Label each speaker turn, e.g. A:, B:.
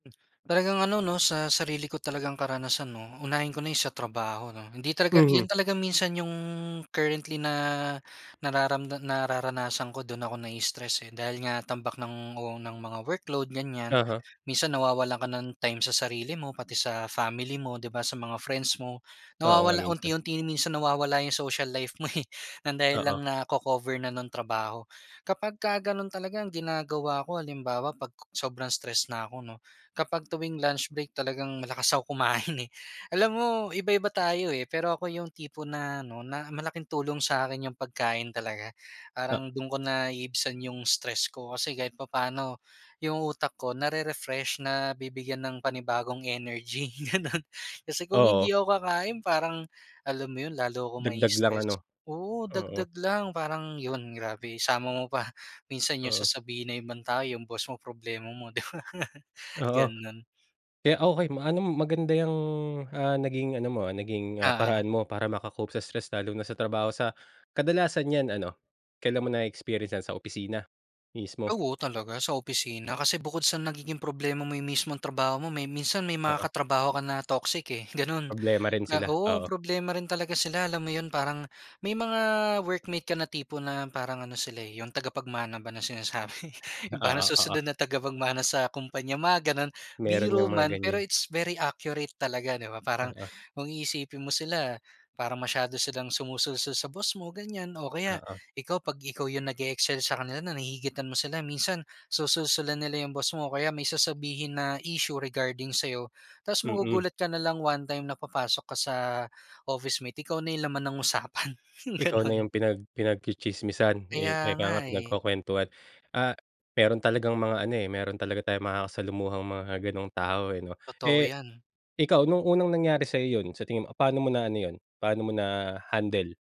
A: Talagang ano 'no, sa sarili ko talagang karanasan 'no, unahin ko na yung sa trabaho 'no. Hindi talaga yun
B: Mhm.
A: talaga minsan yung currently na nararamda nararanasan ko, do'n ako na-i-stress eh. Dahil nga tambak ng o ng mga workload ganyan,
B: Uh-huh.
A: minsan nawawalan ka ng time sa sarili mo, pati sa family mo, 'di ba, sa mga friends mo.
B: Oo nga
A: Nawawala
B: minsan.
A: unti-unti minsan nawawala yung social life mo, eh, ng dahil
B: Oo.
A: lang nako-cover na ng trabaho. Kapagka ganon talaga ang ginagawa ko, halimbawa 'pag sobrang stress na ako 'no, kapag tuwing lunch break talagang malakas ako kumain eh. Alam mo, iba-iba tayo eh, pero ako yung tipo na ano, na malaking tulong sa'kin yung pagkain talaga.
B: Ha
A: Parang do'n ko naiibsan yung stress ko, kasi kahit papaano yung utak ko, na-re-refresh, nabibigyan ng panibagong energy, gano'n. Kasi kung
B: Oo.
A: hindi ako kakain, parang alam mo yun, lalo akong
B: Dagdag lang ano?
A: ma-i-stress. Oo,
B: Oo.
A: dagdag lang. Parang yun grabe, isama mo pa, minsan yung
B: Oo.
A: sasabihin ng ibang tao, yung boss mo, problema mo, 'di ba?
B: Oo.
A: Ganon.
B: Kaya okey ma ano, maganda yang, ah, naging ano mo, ah, naging, ah,
A: Oo.
B: paraan mo para maka-cope sa stress, lalo na sa trabaho sa kadalasan yan ano, kailan mo na-experience yan sa opisina? Mismo?
A: Oo, talaga sa opisina, kasi bukod sa nagiging problema mo yung mismong trabaho mo, may minsan may mga
B: Oo.
A: katrabaho ka na toxic eh, ganun.
B: Problema rin
A: Na
B: sila,
A: oo,
B: oo.
A: problema rin talaga sila, alam mo yun? Parang may mga workmate ka na tipo na parang ano sila, eh, yung tagapagmana ba na sinasabi. Yung parang
B: Oo, oo.
A: susunod na tagapagmana sa kumpanya, mga ganon.
B: Meron ngang
A: Biro
B: mga
A: man pero
B: ganyan.
A: it's very accurate talaga, 'di ba? Parang
B: Oo.
A: kung iisipin mo sila, parang masyado silang sumusulsol sa boss mo, ganyan. O kaya,
B: Oo.
A: ikaw 'pag ikaw yung nag-e-excel sa kanila na nahihigitan mo sila, minsan susulsulan nila yung boss mo o kaya may sasabihin na issue regarding sa'yo. Ta's
B: Mm.
A: magugulat ka nalang one time na papasok ka sa office mo, ikaw na yung laman ng usapan,
B: Ikaw na
A: ganun.
B: yung pinag pinag-tsi-tsismisan, eh,
A: Kaya
B: ika
A: nga
B: nga
A: eh.
B: pinagkukuwentuhan. Ah, meron talagang mga ano, eh, meron talaga tayong makakasalamuhang mga ganung tao, eh, 'no?
A: Totoo
B: Eh
A: yan.
B: ikaw, no'ng unang nangyari sa'yo yun sa tingin mo, paano mo na ano yun, paano mo na handle?